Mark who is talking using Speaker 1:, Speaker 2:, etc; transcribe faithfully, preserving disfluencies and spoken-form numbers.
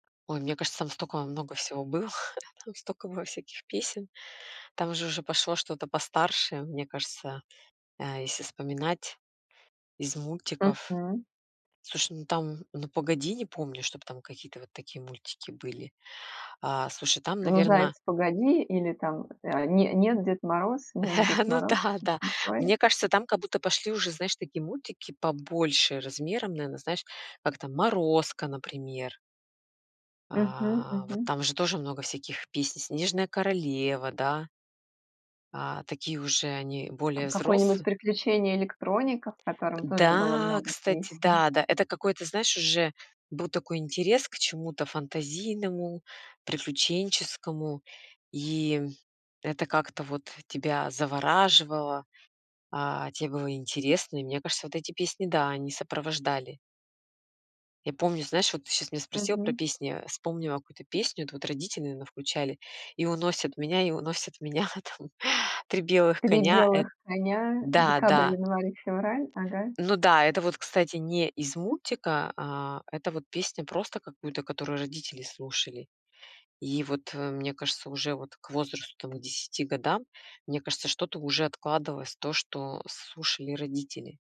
Speaker 1: Ой, мне кажется, там стока много всего было, там стока было всяких песен. Там же уже пошло что-то постарше, мне кажется, э, если вспоминать из мультиков.
Speaker 2: Мгм.
Speaker 1: Слушай, ну там, "Ну, погоди!", не помню, чтобы там какие-то вот такие мультики мультики были. А, слушай, там,
Speaker 2: "Ну, заяц,
Speaker 1: наверное
Speaker 2: погоди!" или там, э: "Не нет Дед Мороз, нет, Дед
Speaker 1: Ну
Speaker 2: Мороз",
Speaker 1: да, да.
Speaker 2: что-то такое?
Speaker 1: Мне кажется, там как будто пошли уже, знаешь, такие мультики побольше размером, наверное, знаешь, как там "Морозко", например.
Speaker 2: Мгм
Speaker 1: А вот
Speaker 2: мгм.
Speaker 1: там же тоже много всяких песни. "Снежная королева", да. А, такие уже, они более
Speaker 2: Там
Speaker 1: взрос
Speaker 2: какое-нибудь "Приключение Электроника", в котором тоже было
Speaker 1: Да,
Speaker 2: много
Speaker 1: кстати,
Speaker 2: песен.
Speaker 1: да, да, это какой-то знаешь, уже был такой интерес к чему-то фантазийному, приключенческому, и это как-то вот тебя завораживало, а, тебе было интересно, и мне кажется, вот эти песни да, они сопровождали. Я помню знаешь, вот ты щас меня спросила про
Speaker 2: Мгм.
Speaker 1: песни, вспомнила какую-то песню, это вот родители, наверное, включали: "И уносят меня, и уносят меня там три белых
Speaker 2: "три
Speaker 1: коня". Эт
Speaker 2: белых коня:
Speaker 1: Да,
Speaker 2: декабрь,
Speaker 1: да.
Speaker 2: январь, и февраль". Ага.
Speaker 1: Ну да, это вот, кстати, не из мультика, а, это вот песня просто какую-то, которую родители слушали. И вот, э, мне кажется уже вот к возрасту там к десяти годам, мне кажется что-то уже откладывалось то, что слушали родители.